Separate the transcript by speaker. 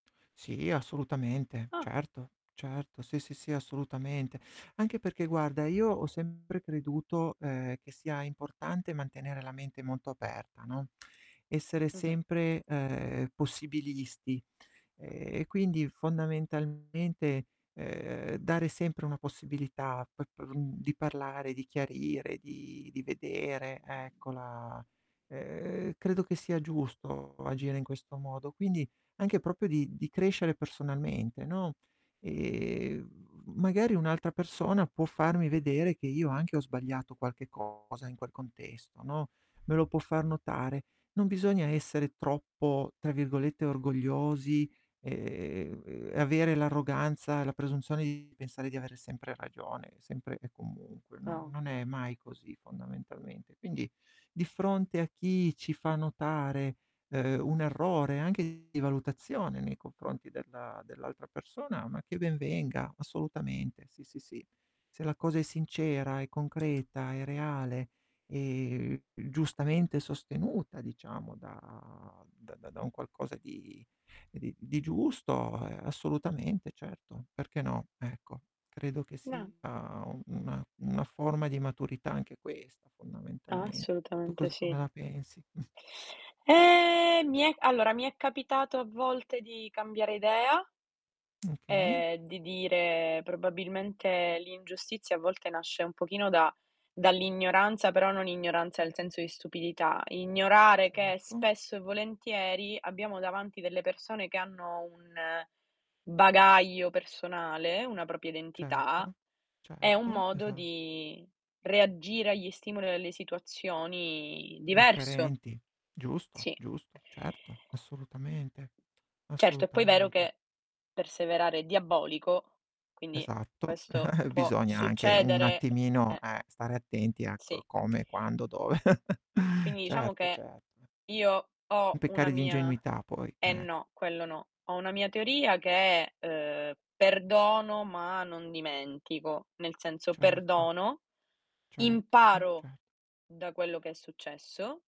Speaker 1: Sì, assolutamente,
Speaker 2: Ah!
Speaker 1: certo, certo, sì, sì, sì assolutamente. Anche perché, guarda, io ho sempre creduto, ehm, che sia importante mantenere la mente molto aperta, no, essere
Speaker 2: Mh-mh.
Speaker 1: sempre, ehm, possibilisti. Ehm, e quindi fondamentalmente, ehm, dare sempre una possibilità pe per mhmm, di parlare, di chiarire, di di vedere, ecco, la ehm, credo che sia giusto agire in questo modo. Quindi anche proprio di di crescere personalmente, no, ehm, v magari un'altra persona può farmi vedere che io anche ho sbagliato qualche cosa in quel contesto, no, me lo può far notare; non bisogna essere troppo, tra virgolette, "orgogliosi", ehm, e avere l'arroganza, la presunzione di pensare di avere sempre ragione, sempre e comunque, non
Speaker 2: No.
Speaker 1: non è mai così fondamentalmente. Quindi, di fronte a chi ci fa notare, uhm, un errore anche di valutazione nei confronti della dell'altra persona, ma che ben venga, assolutamente, sì, sì, sì. Se la cosa è sincera, è concreta, è reale, e, uhm, giustamente sostenuta, diciamo, da da da da un qualcosa di ehm, di di giusto, ehm, assolutamente, certo, perché no, ecco. Credo che
Speaker 2: Na
Speaker 1: sia u una una forma di maturità anche questa fondamentalment tu
Speaker 2: Assolutamente
Speaker 1: cos come
Speaker 2: sì.
Speaker 1: la pensi?
Speaker 2: Eh, mi è allora, mi è capitato a volte di cambiare idea
Speaker 1: Okay.
Speaker 2: e di dire: "Probabilmente, l'ingiustizia a volte nasce un pochino da dall'ignoranza", però non ignoranza nel senso di stupidità: ignorare che
Speaker 1: Certo.
Speaker 2: spesso e volentieri abbiamo davanti delle persone che hanno un bagaglio personale, una propria identità,
Speaker 1: Certo.
Speaker 2: e un
Speaker 1: Certo,
Speaker 2: modo
Speaker 1: esa
Speaker 2: di reagire agli stimoli o alle situazioni diverso.
Speaker 1: Differenti, giusto,
Speaker 2: Sì.
Speaker 1: giusto, certo, assolutamente.
Speaker 2: Certo, è poi vero
Speaker 1: Assolutamente.
Speaker 2: che perseverare è diabolico, quindi
Speaker 1: Esatto,
Speaker 2: questo può
Speaker 1: bisogna anche un
Speaker 2: succedere,
Speaker 1: attimino,
Speaker 2: eh.
Speaker 1: eh, stare attenti a co
Speaker 2: Sì.
Speaker 1: come, quando, dove
Speaker 2: Quindi, diciamo
Speaker 1: certo,
Speaker 2: che
Speaker 1: certo e
Speaker 2: io ho una
Speaker 1: peccare di
Speaker 2: mia
Speaker 1: ingenuità poi,
Speaker 2: eh,
Speaker 1: ecco.
Speaker 2: no, quello no, ho una mia teoria che è, uhm: "Perdono, ma non dimentico". Nel senso:
Speaker 1: Certo.
Speaker 2: perdono,
Speaker 1: Certo,
Speaker 2: imparo
Speaker 1: cer
Speaker 2: da quello che è successo